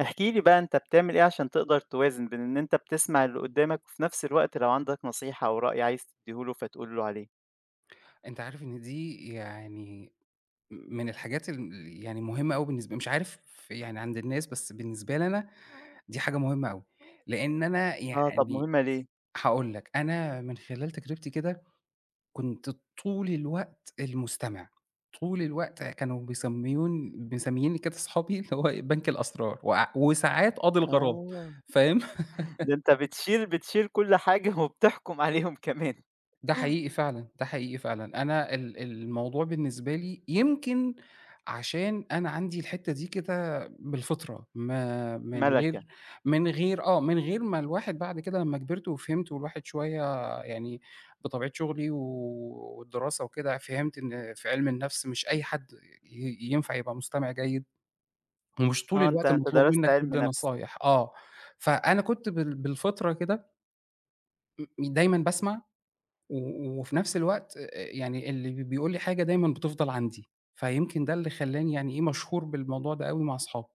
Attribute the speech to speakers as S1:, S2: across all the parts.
S1: احكِ لي بقى أنت بتعمل إيه عشان تقدر توازن بين إن أنت بتسمع اللي قُدامك وفي نَفْس الوقت لو عندك نصيحة أو رأي عايز تدّيه له فتقول له عليه؟
S2: أنت عارف إن دي يعني م من الحاجات اللي يعني مُهمة أوي بالنسبة مش عارف يعني عند الناس، بس بالنسبة لي أنا دي حاجة مُهمة أوي؛ لأن أنا
S1: آه، طَب
S2: يعني،
S1: مُهمة ليه؟
S2: هاقول لك أنا من خلال تجربتي كده، كُنت طول الوقت المستمع، طول الوقت كانوا بيسمّوني ب مسمّيينّي كده صحابي اللي هو بنك الأسرار وع وساعات قاضي الغرام،
S1: آه.
S2: فاهم؟
S1: ده أنت بتشيل بتشيل كل حاجة وبتحكم عليهم كمان.
S2: ده حقيقي فعلًا، ده حقيقي فعلًا، أنا ال الموضوع بالنسبة لي يمكن عشان أنا عندي الحتّة دي كده بالفطرة ما من
S1: مَلَكة.
S2: غير من غير آه، من غير ما الواحد بعد كده لمّا كِبرت وفِهمت والواحد شويّة يعني، بطبيعة شُغلي و والدراسة وكده فِهمت إن في عِلم النَفْس مش أي حَد ي ينفع يبقى مستمع جيد، ومش طول
S1: آه، أنت
S2: الوقت
S1: أنت
S2: مطلوب
S1: درست
S2: منك
S1: عِلم
S2: تدّي
S1: نَفْس.
S2: نصايح. آه، فأنا كُنت بال بالفطرة كده دايمًا باسمع و وفي نفس الوقت، يعني اللي بيقول لي حاجة دايمًا بتفضل عندي. فيمكن ده اللي خلَّاني يعني إيه، مشهور بالموضوع ده أوي مع أصحابي.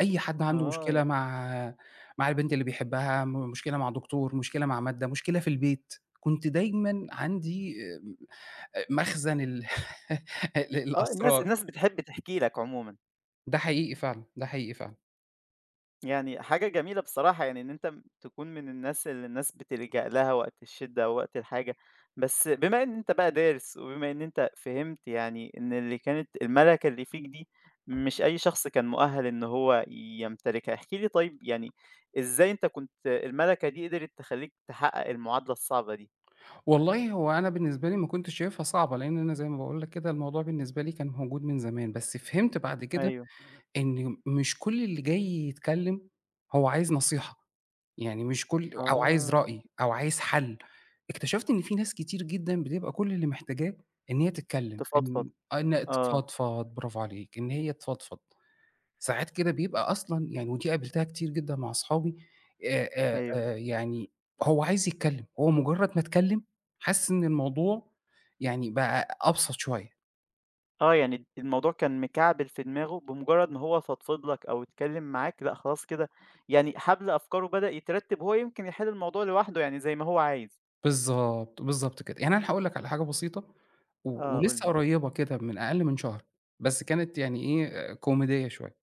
S2: أي حد عنده مشكلة،
S1: [unintelligible]
S2: مع مع البنت اللي بيحبها، مشكلة مع دكتور، مشكلة مع مادَّة، مشكلة في البيت، كنت دايمًا عندي آآ، مخزن ال
S1: آه، الناس
S2: للأسرار.
S1: الناس بتحب تحكي لَك عمومًا.
S2: ده حقيقي فعلًا، ده حقيقي فعلًا.
S1: يعني، حاجة جميلة بصراحة، يعني إن أنت تكون من الناس اللي الناس بتلجأ لها، وقت الشِدَّة أو وقت الحاجة. بس، بما إن أنت بقى دارِس، وبما إن أنت فهِمت، يعني إن اللي كانت المَلَكة اللي فيك دي، مش أي شخص كان مؤهَّل إنه هو يمتلكها. احكِ لي، طيب، يعني إزاي أنت كنت المَلَكة دي، قدِرت تخلِّيك تحقِّق المعادلة الصعبة دي؟
S2: والله، هو أنا بالنسبة لي، ما كنتش شايفها صعبة، لأن أنا زي ما باقول لَك كده، الموضوع بالنسبة لي كان موجود من زمان. بس فهِمت بعد كده
S1: أيوه.
S2: إنه مش كل اللي جاي يتكلَّم، هو عايز نصيحة، يعني مش كُل أو عايز
S1: آه.
S2: رأي، أو عايز حل. اكتشفت إن في ناس كتير جدًا، بتبقى كل اللي محتاجاه إن هي تتكلَّم،
S1: تفضفض،
S2: إن إن
S1: آه.
S2: تفضفِض. برافو عليك، إن هي تفضفِض. ساعات كده بيبقى أصلًا، يعني ودي قابلتها كتير جدًا مع أصحابي. آآ،
S1: أيوه.
S2: آآ، يعني هو عايز يتكلَّم، هو مجرَّد ما تكلَّم، حاسِس إن الموضوع، يعني، بقى أبسط شوية.
S1: آه يعني الموضوع كان مكعبِل في دماغه بمجرّد ما هو فضفض لك أو اتكلّم معاك، لأ خلاص كده يعني حبل أفكاره بدأ يترتّب، هو يمكن يحل الموضوع لوحده يعني زي ما هو عايز.
S2: بالضبط، بالضبط كده. يعني أنا هاقول لك على حاجة بسيطة و
S1: آه، قُل
S2: ولسه
S1: لي.
S2: قريّبة كده من أقل من شهر، بس كانت يعني إيه كوميدية شوية.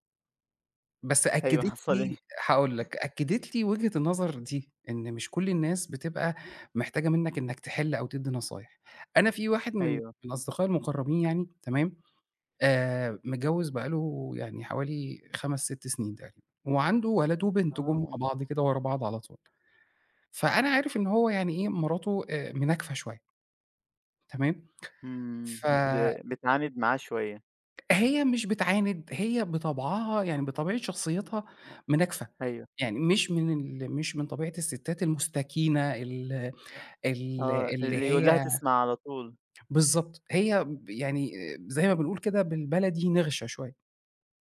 S2: بس
S1: أيوه،
S2: أكّدِت
S1: حصل
S2: لي
S1: إيه؟
S2: هاقول لك، أكّدِت لي وِجهة النظر دي، إن مش كل الناس بتبقى محتاجة منك إنك تحل أو تدّي نصايح، أنا في واحد من
S1: أيوه.
S2: من أصدقائي المقرّبين يعني، تمام، آآ متجوّز بقى له يعني حوالي 5، 6 سنين تقريبًا وعنده ولد وبنت، جُم مع
S1: آه.
S2: بعض كده ورا بعض على طول، فأنا عارف إن هو يعني إيه، مراته آآ مناكفة شوية. تمام؟
S1: إمم،
S2: ف
S1: بت بتعاند معاه شوية.
S2: هي مش بتعاند، هي بطبعها، يعني بطبيعة شخصيّتها مناكفة،
S1: أيوه.
S2: يعني مش من ال مش من طبيعة الستات المُستكينة ال ال
S1: آه،
S2: اللي
S1: اللي يقول لها
S2: هي
S1: تسمَع على طول.
S2: بالضبط، هي ب يعني زي ما بنقول كده بالبلدي نِغْشة شوية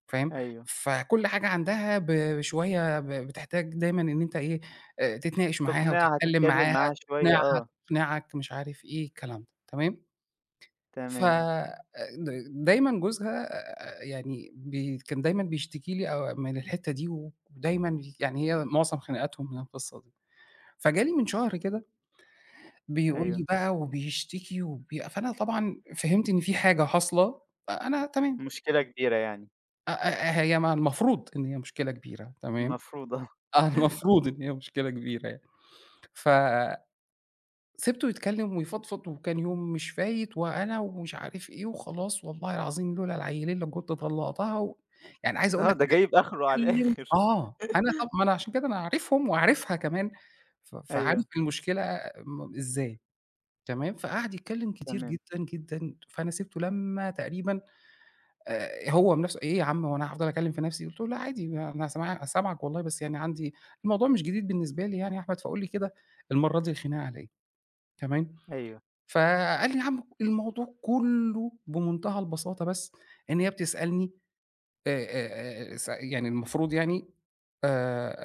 S2: فاهم؟
S1: أيوه.
S2: فكل حاجة عندها ب شوية ب بتحتاج دايمًا إن أنت إيه، آآ تتناقش معاها
S1: تقنعها،
S2: وتتكلّم
S1: تتكلّم
S2: معاها،
S1: معاها شوية،
S2: تقنعها،
S1: آه.
S2: تقنعك، مش عارف إيه، الكلام ده، تمام؟ ف
S1: تمام.
S2: د دايمًا جوزها يعني ب كان دايمًا بيشتكي لي آآ من الحِتّة دي ودايمًا يعني هي مُعظم خناقاتهم من القِصّة دي، فجالي من شهر كده بيقول
S1: أيوه.
S2: لي بقى وبيشتكي وبي فأنا طبعًا فهِمت إن في حاجة حاصلة، فأنا تمام.
S1: مشكلة كبيرة يعني.
S2: أ آآ، هي ما المفروض إن هي مشكلة كبيرة تمام،
S1: المفروض آه.
S2: آه المفروض إن هي مشكلة كبيرة يعني ف سِبته يتكلّم ويفضفض وكان يوم مش فايت، وأنا ومش عارف إيه وخلاص والله العظيم لولا العيلين لكنت طلّقتها، و يعني عايز أقول
S1: آه،
S2: لَك
S1: ده جايب آخره على
S2: اتكلّم
S1: الآخر.
S2: آه أنا طَب ما أنا عشان كده أنا عارفهم وعارفها كمان ف فعارف
S1: أيوه.
S2: المشكلة م إزاي، تمام، فقعد يتكلّم كتير
S1: تمام.
S2: جدًا، جدًا فأنا سِبته لمّا تقريبًا آآ، هو بنفسُه إيه يا عم هو أنا هافضل أكّلم في نفسي، قُلت له لأ عادي أنا سمع أنا سامعَك والله بس يعني عندي، الموضوع مش جديد بالنسبة لي يعني يا أحمد فقُل لي كده المرّه دي الخناقة على إيه، تمام،
S1: أيوه.
S2: فقال لي: "يا عم الموضوع كُلّه بمنتهى البساطة بس إن هي بتسألني" آآ آآ آآ س يعني المفروض يعني آآ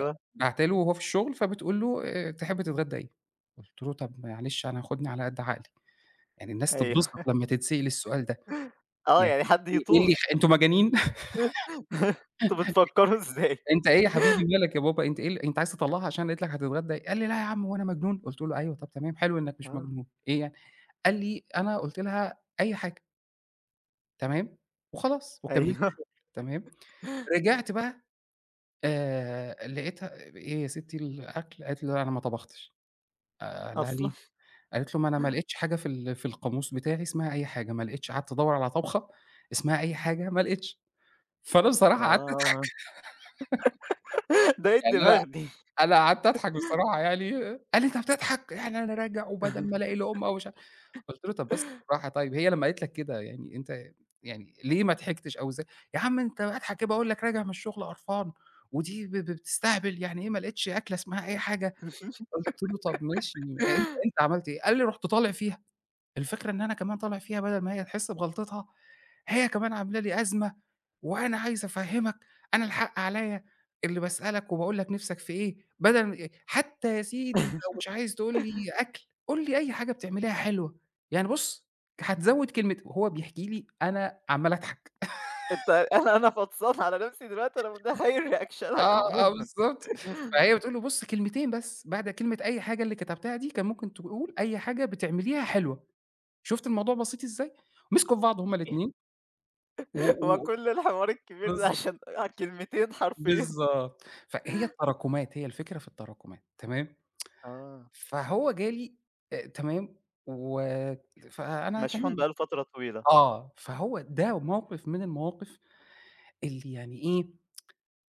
S2: آآ، باعته له وهو في الشغل فبتقول له: "آآ تحب تتغدّى إيه؟" قُلت له: "طَب معلش أنا خُدني على قد عقلي يعني الناس
S1: أيوه.
S2: تتبسط لمّا تتسأل السؤال ده،
S1: آه
S2: يعني
S1: يعني حد
S2: إيه إيه
S1: يطول.
S2: اللي يخ أنتم مجانين؟!
S1: أنتوا بتفكّروا إزاي؟
S2: أنت إيه يا حبيبي مالك يا بابا، أنت إيه ال أنت عايز تطلّقها عشان قالت لَك هتتغدى" قال لي: "لا يا عم هو أنا مجنون!" قلُت له: "أيوه طَب تمام حلو إنَّك مش
S1: آه.
S2: مجنون، إيه يعني؟" قال لي: "أنا قُلت لها أي حاجة." تمام، وخلاص وكمّلت
S1: أيوه.
S2: شُغل تمام، رجعت بقى آآ، لقيتها آآ، إيه يا ستي الأكل قالت لي: "لأ، أنا ما طبختش" آآ، قال لها:
S1: أصلًا.
S2: "ليه؟" قالت له: "ما أنا ما لقيتش حاجة في ال في القاموس بتاعي اسمها أي حاجة، ما لقيتش قعدت أدوّر على طبخة اسمها أي حاجة ما لقيتش،" فأنا بصراحة قعدت أضحك
S1: آه. ده إيه
S2: يعني أنا
S1: الدماغ دي!
S2: أنا قعدت أضحك بصراحة يعني قال لي: "أنت بتضحك يعني أنا راجع وبَدل ما ألاقي لقمة ومش" قُلت له: "طَب بس بالراحة طيب هي لمّا قالت لك كده يعني أنت يعني ليه ما ضحكتش! أو ز" يا عم أنت أضحك كده باقول لك راجع من الشُغل قرفان ودي ب ب بتستهبل، يعني إيه ما لقيتش أكلة اسمها أي حاجة، قُلت له طَب ماشي أ أنت أنت عملت إيه؟ قال لي: "رُحت طالع فيها، الفكرة إن أنا كمان طالع فيها بَدل ما هي تحسّ بغلطتها هي كمان عاملة لي أزمة، وأنا عايز أفهّمك أنا الحق عليَّ اللي باسألك وباقول لك نِفْسك في إيه؟ بَدل م حتى يا سيدي لو مش عايز تقول لي أكل، قُل لي أي حاجة بتعمليها حلوة، يعني بُصّ ك هتزوّد كلمة" وهو بيحكي لي أنا عمّال أضحك.
S1: أنت أنا أنا فطسان على نَفْسي دلوقتي أنا متخيّل ريأكشنك
S2: آه، آه
S1: عمومًا.
S2: بالضبط فهي بتقول له: "بُصّ كلمتين بس، بعد كلمة أي حاجة اللي كتبتها دي كان ممكن تقول أي حاجة بتعمليها حلوة، شُفت الموضوع بسيط إزاي؟" مسكوا في بعض هُم
S1: [unintelligible]
S2: الاتنين و
S1: هو
S2: و و
S1: كُلّ الحوار الكبير ده
S2: بالضب
S1: عشان كلمتين حرفيًا.
S2: بالضبط، ف هي التراكمات هي الفكرة في التراكمات تمام،
S1: آه.
S2: فهو جَا لي آآ، تمام، و ت فأنا
S1: مشحون
S2: تمام
S1: بقى له فترة طويلة.
S2: آه فهو ده موقِف من المواقِف اللي يعني إيه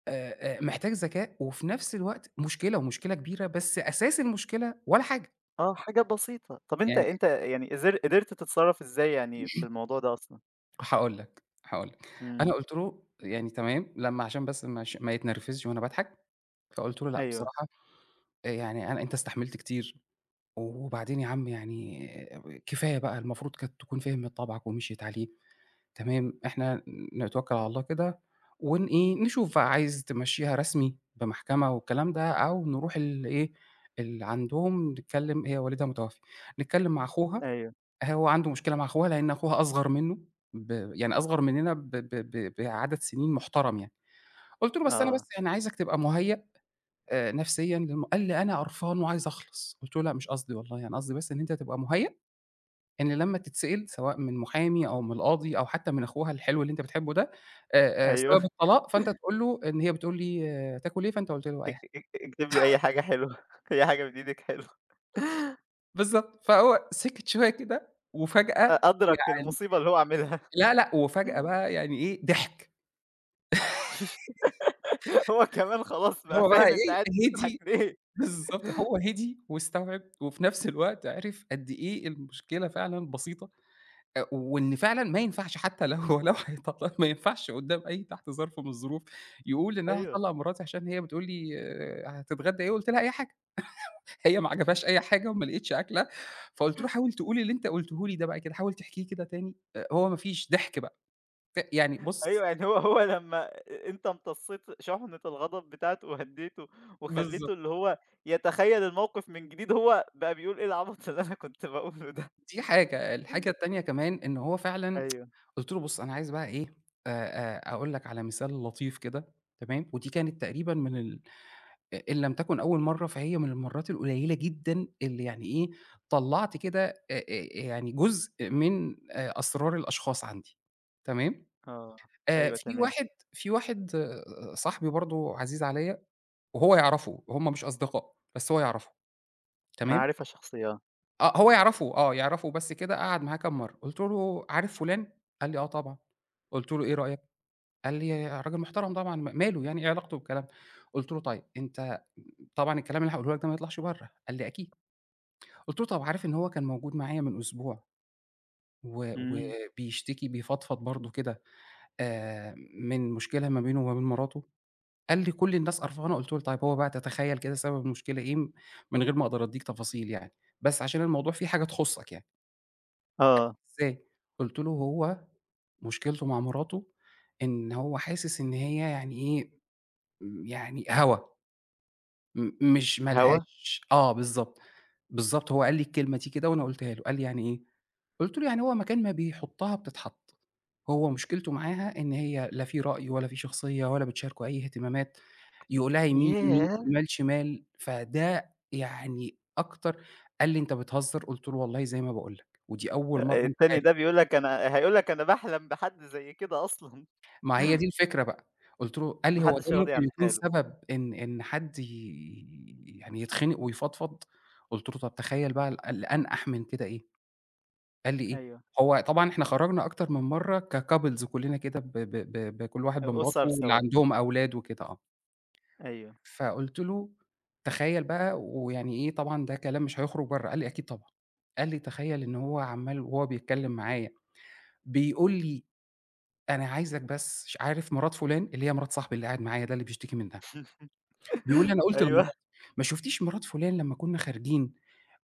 S2: آآ آآ محتاج ذكاء وفي نَفْس الوقت مشكلة ومشكلة كبيرة بس أساس المشكلة ولا حاجة.
S1: آه، حاجة بسيطة. طَب أنت،
S2: يعني إي
S1: أنت يعني قدرت- قدرت تتصرف إزاي يعني في
S2: [unintelligible]
S1: الموضوع ده أصلًا؟
S2: هاقول لك، هاقول لك. أنا
S1: إمم.
S2: قُلت له يعني تمام لمّا عشان بس مش ما يتنرفزش وأنا باضحك، فقُلت له: "لأ
S1: أيوه.
S2: بصراحة آآ يعني أنا أنت استحملت كتير، وبعدين يا عم يعني كفاية بقى المفروض كانت تكون فهمِت طبعَك ومشْيِت عليه،" تمام؟ "إحنا نتوكّل على الله كده ونإيه نشوف عايز تمشيها رسمي بمحكمة والكلام ده أو نروح لإيه اللي عندهم نتكلّم" هي والدها متوفّي، نتكلّم مع أخوها
S1: أيوه.
S2: هو عنده مشكلة مع أخوها لأن أخوها أصغر منّه ب يعني أصغّر مننا ب ب ب بعدد سنين محترم يعني، قُلت له: "بس أنا
S1: آه.
S2: بس يعني عايزَك تبقى مهيأ آآ نفسيًا لم" قال: "أنا قرفان وعايز أخلص." قُلت له: "لأ، مش قصدي والله يعني قصدي بس إن أنت تبقى مهيأ إن لمّا تتسئل سواء من محامي أو من قاضي أو حتّى من أخوها الحلو اللي أنت بتحبه ده آآ آآ
S1: أيوه.
S2: سبب الطلاق، فأنت تقول له إن هي بتقول لي "هتاكل إيه؟" فأنت قُلت له: "أي
S1: اك
S2: حاجة.""
S1: اك اكتب لي أي حاجة حلوة أي حاجة من إيدَك حلوة.
S2: بالضبط. فهو سِكت شوية كده
S1: أ
S2: وفجأة
S1: أدرك
S2: يعني
S1: المصيبة اللي هو عاملها.
S2: لا، لأ وفجأة بقى يعني إيه ضحِك.
S1: هو كمان خلاص بقى
S2: هو بقى
S1: فاهم أنت قاعد
S2: إيه
S1: تضحك
S2: هِدِي
S1: ليه.
S2: بالضبط هو هِدِي واستوعب وفي نفس الوقت عِرِف قد إيه المشكلة فعلًا بسيطة أ وإن فعلًا ما ينفعش حتّى لو هو لو هيطلّقها ما ينفعش قدام أي تحت ظرف من الظروف يقول إن: "أنا
S1: أيوه.
S2: هاطلق مراتي عشان هي بتقول لي آآ هتتغدى إيه قُلت لها أي حاجة" هي ما عجبهاش أي حاجة وما لقيتش أكلة فقُلت له: "حاول تقول اللي أنت قُلته لي ده بقى كده حاول تحكيه كده تاني." هو ما فيش ضحْك بقى ف يعني بُص
S1: أيوه يعني هو هو لمّا أنت امتصيت شُحنة الغضب بتاعته وهديته
S2: بالضبط.
S1: وخليته اللي هو يتخيّل الموقف من جديد، هو بقى بيقول إيه العبط اللي أنا كنت باقوله ده.
S2: دي حاجة، الحاجة التانية كمان إن هو فعلًا
S1: أيوه.
S2: قُلت له: "بُص أنا عايز بقى إيه أ أ أقول لك على مثال لطيف كده" تمام؟ ودي كانت تقريبًا من ال إ إن لم تكن أول مرّة فهي من المَرّات القليلة جدًا اللي يعني إيه طلّعت كده أ أ يعني جزء من آآ أسرار الأشخاص عندي، تمام؟
S1: آه،
S2: آآ
S1: أيوه،
S2: في
S1: تمام.
S2: واحد في واحد صاحبي برضه عزيز عليّا، وهو يعرفه هُم مش أصدقاء بس هو يعرفه، تمام؟
S1: معرفة شخصية.
S2: آه هو يعرَفه، آه يعرَفه بس كده قعَد معاه كام مرّة قُلت له: "عارف فلان؟"، قال لي: "آه طبعًا."، قُلت له: "إيه رأيك؟"، قال لي: "راجل محترَم طبعًا، م ماله يعني إيه علاقته بالكلام ده؟"، قلت له: "طيب، أنت طبعًا الكلام اللي هاقوله لك ده ما يطلَعش برّه."، قال لي: "أكيد."، قُلتله: "طَب عارف إن هو كان موجود معايا من أسبوع؟ و
S1: إمم.
S2: وبيشتكي، بيفضفض برضه كده آآ، من مشكلة ما بينه وما بين مراته؟"، قال لي: "كل الناس قرفانة."، قُلت له: "طيب هو بقى تتخيّل كده سبب المشكلة إيه؟ م من غير ما أقدر أدّيك تفاصيل يعني بس عشان الموضوع في حاجة تخصّك يعني.". قال لي:
S1: آه.
S2: "إزاي؟"، قُلت له: "هو مشكلته مع مراته إن هو حاسس إن هي يعني إيه، يعني هوا، م مش ما
S1: هوا؟
S2: لهاش" آه بالضبط، بالضبط، هو قال لي الكلمة دي كده وأنا قٌلتها له، قال لي: "يعني إيه؟"، قُلت له: "يعني هو مكان ما بيحُطّها بتتحط، هو مشكلته معاها إن هي لا في رأي ولا في شخصية ولا بتشاركه أي إهتمامات، يقول لها يمين، يمين،
S1: ياه!
S2: شمال، شمال."، فده يعني أكتر قال لي: "أنت بتهزّر؟"، قُلت له: "والله زي ما باقول لك، ودي أول
S1: آآ،
S2: مرّة أنت
S1: التاني
S2: عارف".
S1: ده بيقول لك "أنا" هيقول لك: "أنا باحلم بحد زي كده أصلًا".
S2: ما هي دي الفكرة بقى، قُلت له قال لي:
S1: ما
S2: "هو ده
S1: حدّش راضي
S2: ممكن
S1: عن
S2: يكون
S1: حاله.
S2: سبب إن إن حد ي يعني يتخنَق ويفضفض؟"، قُلت له: "طب تخيّل بقى ال اللي أنقح من كده إيه؟"، قال لي: "إيه؟"،
S1: أيوه.
S2: هو طبعًا إحنا خرجنا أكتر من مرّة كcouples كلّنا كده ب ب ب ب كل واحد
S1: أ
S2: بمراته
S1: أُسَر
S2: واللي
S1: سوا.
S2: عندهم أولاد وكده آه.
S1: أيوه.
S2: فقُلت له: "تخيّل بقى ويعني إيه طبعًا ده كلام مش هيخرُج برّه."، قال لي: "أكيد طبعًا."، قال لي: "تخيّل إن هو عمّال وهو بيتكلّم معايا بيقول لي أنا عايزك بس ش عارف مرات فُلان؟"، اللي هي مرات صاحبي اللي قاعد معايا ده اللي بيشتكي منها، بيقول لي: "أنا قُلت
S1: أيوه.
S2: لمراتي ما شُفتيش مرات فُلان لمّا كنا خارجين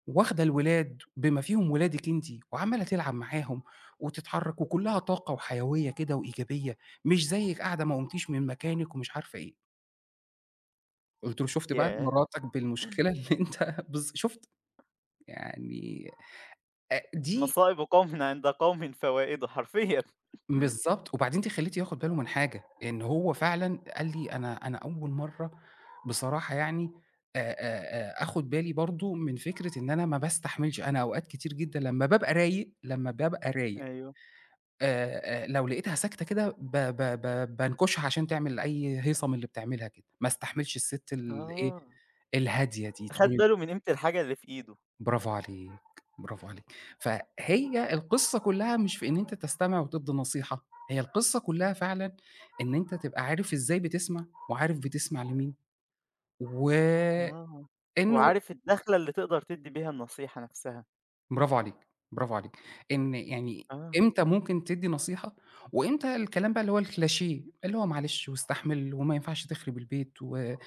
S2: واخدة الولاد بما فيهم ولادِك أنتِ وعمّالة تلعب معاهم وتتحرّك وكلّها طاقة وحيوية كده وإيجابية مش زيِك قاعدة ما قُمتيش من مكانِك ومش عارفة إيه.". قُلت له: "شوفت بقى،
S1: ياه!
S2: مراتَك بالمشكلة اللي أنت" بالض شوفت يعني أ دي
S1: مصائب قومٍ عند قومٍ فوائد حرفيًا.
S2: بالضبط، وبعدين أنتِ خلّيتيه ياخد باله من حاجة إن هو فعلًا قال لي: "أنا أنا أول مرّة بصراحة يعني آآ آآ آآ، أخد بالي برضه من فكرة إن أنا ما باستحملش، أنا أوقات كتير جدًا لمّا بابقى رايق، لمّا بابقى رايق
S1: أيوه.
S2: آآ، لو لقيتها ساكتة كده ب ب ب بانكشها عشان تعمل أي هيصة من اللي بتعملها كده، ما استحملش السِت الإيه،
S1: آه.
S2: الهادية دي
S1: خد
S2: طول"
S1: باله من قيمة الحاجة اللي في إيده.
S2: برافو عليك، برافو عليك. فهي القصّة كُلها مش في إن أنت تستمع وتدّي نصيحة، هي القصّة كُلها فعلًا إن أنت تبقى عارف إزاي بتسمع وعارف بتسمع مين وإنّه
S1: آه، وعارف الدخلة اللي تقدر تدّي بيها النصيحة نفسها.
S2: برافو عليك، برافو عليك. إن يعني
S1: آه.
S2: إمتى ممكن تدّي نصيحة، وإمتى الكلام ده اللي هو الcliché اللي هو معلش واستحمل وما ينفعش تخرب البيت وآآ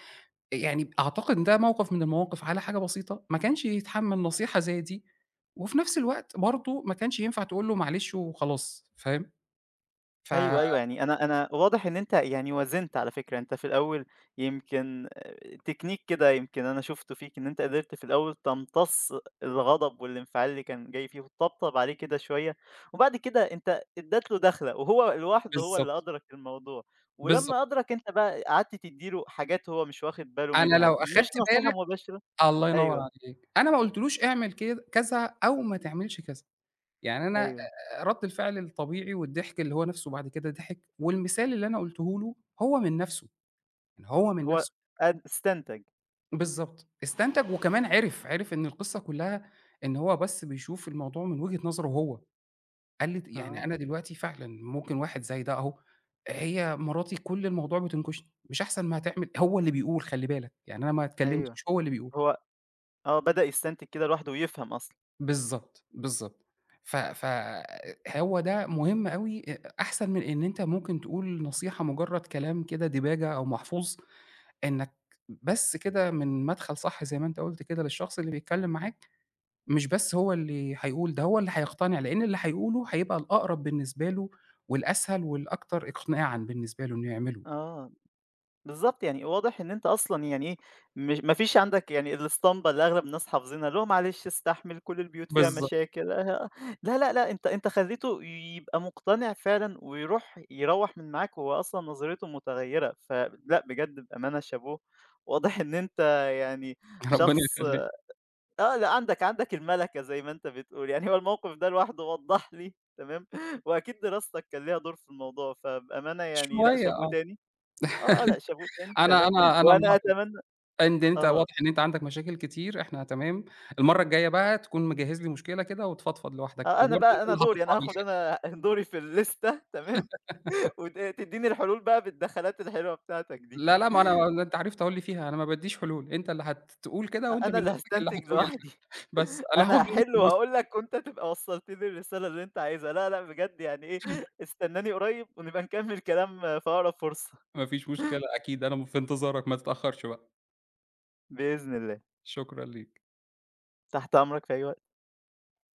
S2: يعني أعتقد ده موقف من المواقف على حاجة بسيطة ما كانش يتحمّل نصيحة زي دي، وفي نفس الوقت برضه ما كانش ينفع تقول له معلش وخلاص، فاهم؟ ف
S1: أيوه، أيوه، يعني أنا أنا واضح إن أنت يعني وازنت على فكرة، أنت في الأول يمكن تكنيك كده يمكن أنا شُفته فيك، إن أنت قدرت في الأول تمتص الغضب والانفعال اللي كان جاي فيه وتطبطب عليه كده شوية، وبعد كده أنت أدّيت له دخلة وهو لواحده هو
S2: بالضبط.
S1: اللي أدرك الموضوع.
S2: بالضبط.
S1: ولمّا أدرك أنت بقى قعدت تدّي له حاجات هو مش واخد باله
S2: أنا لو
S1: منها مش
S2: أخدت
S1: نصيحة
S2: بالَك
S1: مباشرة.
S2: الله ينوّر
S1: أيوه.
S2: عليك. أنا ما قُلتلوش اعمل كد كذا أو ما تعملش كذا، يعني أنا
S1: أيوه.
S2: آآ، رد الفعل الطبيعي والضحك اللي هو نفْسُه بعد كده ضحِك والمثال اللي أنا قُلته له هو من نفْسُه، يعني هو من
S1: هو
S2: نفْسُه.
S1: أن استنتج.
S2: بالضبط استنتج وكمان عِرِف، عِرِف إن القصّة كلّها إن هو بس بيشوف الموضوع من وجهة نظرُه هو، قال لي ت "يعني أنا
S1: آه.
S2: دلوقتي فعلًا ممكن واحد زي ده أهو، هي مراتي كُلّ الموضوع بتنكشني مش أحسن ما تعمل"، هو اللي بيقول خلّي بالك يعني أنا ما
S1: أيوه،
S2: اتكلمتش هو اللي بيقول.
S1: هو آه، بدأ يستنتج كده لوحده ويفهم أصلًا.
S2: بالضبط، بالضبط ف ف هو ده مهم أوي أ أحسن من إن أنت ممكن تقول نصيحة مجرّد كلام كده ديباجة أو محفوظ إنك بس كده من مدخل صح زي ما أنت قُلت كده للشخص اللي بيتكلم معاك، مش بس هو اللي هيقول ده هو اللي هيقتنع لأن اللي هيقوله هيبقى الأقرب بالنسبة له والأسهل والأكتر إقناعًا بالنسبة له إنه يعمله.
S1: آه. بالضبط يعني واضح إن أنت أصلًا يعني إيه م ما فيش عندك يعني الاسطمبة اللي أغلب الناس حافظينها، اللي هو معلش استحمل كُلّ البيوت فيها
S2: بالضبط.
S1: مشاكل لا، لا، لا أنت أنت خلّيته يبقى مقتنع فعلًا ويرُوح يروَّح من معاك وهو أصلًا نظريته متغيّرة، فلأ بجد بأمانة شابوه، واضح إن أنت يعني
S2: ربنا
S1: شخص
S2: يخلّيك.
S1: آه لأ عندك عندك المَلَكَة زي ما أنت بتقول، يعني هو الموقف ده لوحده وضح لي تمام وأكيد دراستك كان ليها دور في الموضوع فبأمانة يعني لأ
S2: شوية
S1: شابوه
S2: آه،
S1: تاني، آه، آه لأ شابوه تاني
S2: أنا
S1: تمام،
S2: أنا أنا
S1: وأنا
S2: ملاحظ
S1: أتمنى
S2: إن أنت
S1: آه.
S2: واضح إن أنت عندك مشاكل كتير إحنا تمام، المرّه الجاية بقى تكون مجهّز لي مشكلة كده وتفضفض لوحدك،
S1: آه، أنا
S2: وبرضه
S1: بقى
S2: أنت
S1: أنا
S2: اللي
S1: دوري
S2: هتطلع
S1: أنا هاخد
S2: بالحل.
S1: أنا دوري في الليستة تمام وت تديني الحلول بقى بالدخلات الحلوة بتاعتك دي.
S2: لا، لا، ما أنا هو أنت عرفت أهو اللي فيها أنا ما بادّيش حلول، أنت اللي هتقول
S1: أ
S2: كده، وأنت
S1: أنا
S2: من
S1: اللي
S2: نفسك اللي
S1: هاستنتج
S2: هتقول
S1: لوحدي،
S2: الحل، بس أنا
S1: أنا
S2: هاخد منك
S1: هاحل
S2: فلوس.
S1: وهاقول لك وأنت تبقى وصَّلت لي الرسالة اللي أنت عايزها لا لأ بجد يعني إيه استناني قريب ونبقى نكمّل كلام في أقرب فرصة.
S2: ما فيش مشكلة أكيد أنا م في انتظارك، ما تتأخّرش بقى.
S1: بإذن الله.
S2: شكرًا ليك.
S1: تحت أمرك في أي وقت.